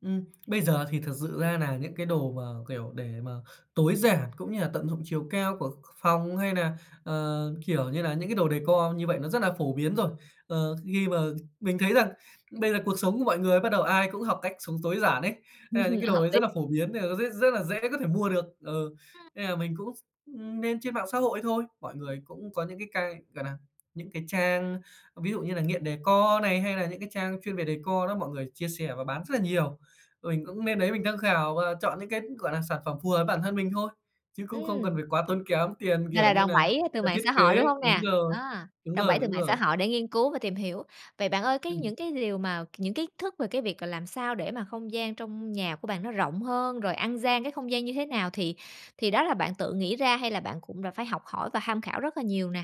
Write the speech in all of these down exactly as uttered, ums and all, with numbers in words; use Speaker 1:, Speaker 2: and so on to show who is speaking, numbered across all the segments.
Speaker 1: Ừm, bây giờ thì thật sự ra nà những cái đồ mà, kiểu, để mà tối giản cũng như là tận dụng chiều cao của ph phòng, hay nà, ờ, kiểu như là, những cái đồ decor như vậy nó rất là phổ biến rồi. Ờ, khi mà mình thấy rằng bây giờ cuộc sống của mọi người bắt đầu ai cũng học cách sống tối giản ấy, hay là những cái đồ
Speaker 2: Hợp
Speaker 1: ấy
Speaker 2: lý.
Speaker 1: rất là phổ biến nên là nó sẽ rất là dễ có thể mua được. Ừ, nên là mình cũng, ưm, nên trên mạng xã hội thôi, mọi người cũng có những cái cai, gọi nà, những cái trang, ví dụ như là Nghiện Decor này, hay nà những cái trang chuyên về decor đó, mọi người chia sẻ và bán rất là nhiều. Và mình cũng lên đấy mình tham khảo và chọn những cái, gọi là, sản phẩm phù hợp bản thân mình thôi, chứ cũng không cần
Speaker 2: Ừm.
Speaker 1: phải quá tốn kém tiền,
Speaker 2: Gọi
Speaker 1: kiểu
Speaker 2: là
Speaker 1: như
Speaker 2: đòn
Speaker 1: nà
Speaker 2: bẩy từ
Speaker 1: nà,
Speaker 2: mạng
Speaker 1: thiết
Speaker 2: xã hội,
Speaker 1: kế.
Speaker 2: đúng hông
Speaker 1: Đúng
Speaker 2: nè?
Speaker 1: rồi,
Speaker 2: Á.
Speaker 1: đúng
Speaker 2: Đòn
Speaker 1: rồi,
Speaker 2: bẩy từ
Speaker 1: đúng
Speaker 2: mạng xã
Speaker 1: rồi.
Speaker 2: hội để nghiên cứu và tìm hiểu. Vậy bạn ơi, cái
Speaker 1: Ừm.
Speaker 2: những cái liều mà, c những kiến thức về cái việc là làm sao để mà không gian trong nhà của bạn nó rộng hơn, rồi ăn gian cái không gian như thế nào thì thì đó là bạn tự nghĩ ra, hay là bạn cũng đã phải học hỏi và tham khảo rất là nhiều nè?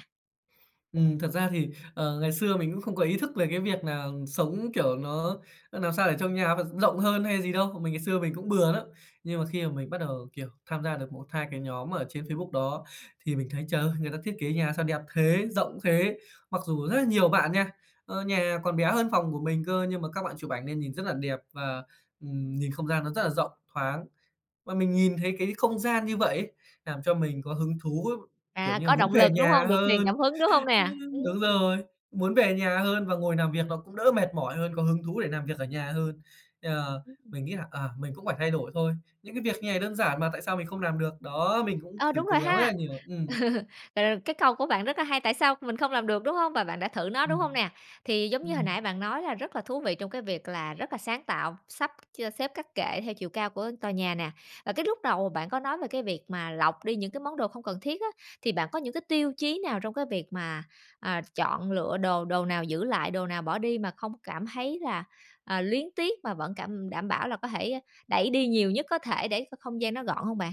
Speaker 1: Ừm, thật ra thì, ờ, ngày xưa mình cũng không có ý thức về cái việc nà sống, kiểu, nó nó nàm sao để trong nhà vận rộng hơn hay gì đâu. Mình ngày xưa mình cũng bừa lắm, nhưng mà khi mà mình bắt đầu, kiểu, tham gia được một hai cái nhóm ở trên Facebook đó, thì mình thấy trời ơi, người ta thiết kế nhà sao đẹp thế, rộng thế. Mặc dù rất là nhiều bạn nha, ờ, nhà còn bé hơn phòng của mình cơ nhưng mà các bạn chụp ảnh nên nhìn rất là đẹp và, ừm, nhìn không gian nó rất là rộng, thoáng. Và mình nhìn thấy cái không gian như vậy ấy, nàm cho mình có hứng thú, kiểu
Speaker 2: À,
Speaker 1: như là,
Speaker 2: có
Speaker 1: muốn
Speaker 2: động
Speaker 1: về
Speaker 2: lực, đúng
Speaker 1: nhà
Speaker 2: hông? Được truyền cảm
Speaker 1: hơn.
Speaker 2: hứng, đúng hông nè?
Speaker 1: Đúng
Speaker 2: Ừm.
Speaker 1: rồi, muốn về nhà hơn và ngồi nàm việc nó cũng đỡ mệt mỏi hơn, có hứng thú để nàm việc ở nhà hơn. Ờ,
Speaker 2: Ừm.
Speaker 1: mình nghĩ là, à, mình cũng phải thay đổi thôi. Những cái việc như này đơn giản mà tại sao mình không nàm được. Đó, mình cũng
Speaker 2: Ờ,
Speaker 1: thử
Speaker 2: đúng
Speaker 1: cố
Speaker 2: rồi
Speaker 1: gắng rất là
Speaker 2: ha.
Speaker 1: nhiều. Ừm.
Speaker 2: Rồi cái câu của bạn rất là hay, tại sao mình không làm được, đúng hông? Và bạn đã thử nó, đúng hông
Speaker 1: Ừm.
Speaker 2: nè? Thì giống như hồi nãy
Speaker 1: Ừm.
Speaker 2: bạn nói là rất là thú vị trong cái việc là rất là sáng tạo, sắp, chia xếp các kệ theo chiều cao của tòa nhà nè. À, cái lúc đầu bạn có nói về cái việc mà lọc đi những cái món đồ không cần thiết á, thì bạn có những cái tiêu chí nào trong cái việc mà, à, chọn lựa đồ, đồ nào giữ lại, đồ nào bỏ đi mà không cảm thấy là, ờ, luyến tiếc mà vẫn cảm đảm bảo là có thể đẩy đi nhiều nhất có thể để cho không gian nó gọn hông bạn?